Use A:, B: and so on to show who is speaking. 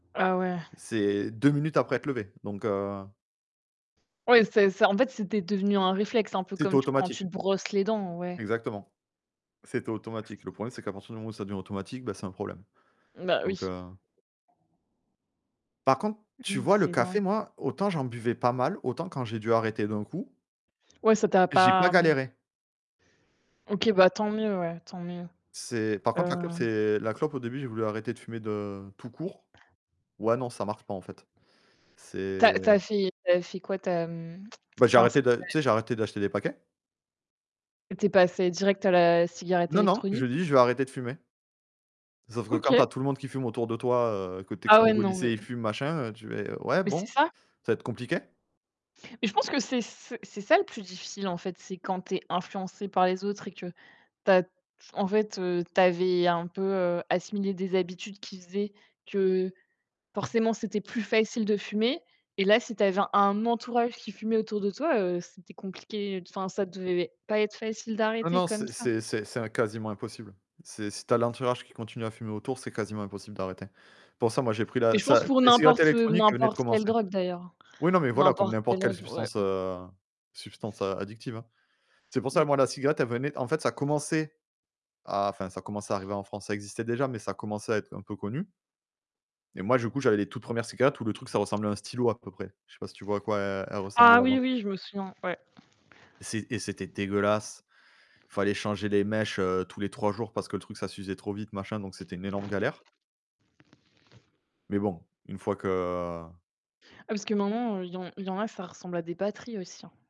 A: Ah, ouais.
B: C'est 2 minutes après être levé, donc heu
A: Oui, c'est c'est en fait, c'était devenu un réflexe, un peu
B: C'était
A: comme t quand
B: automatique.
A: tu te brosses les dents, ouais.
B: Exactement, c'était automatique. Le problème, c'est qu'à partir du moment où ça devient automatique, bah, c'est un problème.
A: Bah, oui.
B: Donc heu Par contre, tu
A: Mmh,
B: vois? Le
A: c'est
B: café,
A: dingue.
B: moi, autant j'en buvais pas mal, autant quand j'ai dû arrêter d'un coup
A: Ouais, ça t'a
B: j'ai pas
A: pas, mmh
B: galéré.
A: OK, bah tant mieux, ouais, tant mieux.
B: C'est par
A: Ouais,
B: contre, la clope,
A: ouais.
B: c'est la clope. Au début, j'ai voulu arrêter de fumer, de tout court. Ouais, non, ça marche pas, en fait.
A: Tu as
B: C'est
A: tu as fait tu as fait quoi? Tu as, mmh,
B: Bah, j'ai
A: enfin, est-ce
B: arrêté
A: que
B: de
A: tu
B: tu
A: as
B: sais? J'ai arrêté d'acheter des paquets.
A: Tu es passé direct à la cigarette,
B: Non, non,
A: électronique?
B: j'ai dit: «Je vais arrêter de fumer». Sauf que, quand tu
A: OK.
B: as tout le monde qui fume autour de toi, heu, que tu es
A: Ah,
B: q
A: ouais,
B: et qu'au
A: non, mais
B: lycée, ils fument, machin, heu, tu es ouais,
A: Mais c'est
B: bon,
A: ça.
B: ça va être compliqué.
A: Mais je pense que c'est c c'est ça le plus difficile en fait, c'est quand tu es influencé par les autres et que, tu as en fait, heu, tu avais, heu, un peu, heu, assimilé des habitudes qui faisaient que forcément, c'était plus facile de fumer. Et là, si tu avais un entourage qui fumait autour de toi, heu, c'était compliqué, enfin, ça devait pas être facile
B: Non,
A: d'arrêter
B: non,
A: comme
B: c'est
A: ça.
B: c'est c'est im quasiment impossible. C'est si tu as l'entourage qui continue à fumer autour, c'est quasiment impossible d'arrêter. Pour ça, moi, j'ai pris
A: Mais
B: la
A: je pense,
B: ça
A: pour
B: les cigarettes
A: n'importe ou
B: électroniques venaient de
A: n'importe quelle
B: commencer.
A: drogue, d'ailleurs, hein.
B: Oui, non, mais voilà, comme
A: N'importe quelle
B: n'importe quelle
A: drogue, ouais.
B: substance, heu, substance, heu, a addictive, hein. C'est pour ça,
A: Mmh.
B: moi, cigarette, elle venait en fait, commençait à enfin, ça commençait à arriver en France. Ça existait déjà, mais ça commençait à être un peu connu et moi, du coup, j'avais les toutes 1res cigarettes, où le truc, ça ressemblait à un stylo, à peu près. Je sais pas si tu vois à quoi elles elles
A: Ah!
B: ressemblaient
A: Oui,
B: avant.
A: oui, je me souviens, ouais.
B: Et c'é et c'était dégueulasse. Il fallait changer les mèches, heu, tous les 3 jours parce que le truc, ça s'usait trop vite, machin donc c'était une énorme galère. Mais bon, une fois que
A: Ah, parce que maintenant, heu, il y en il y en a, ça ressemble à des batteries aussi, hein.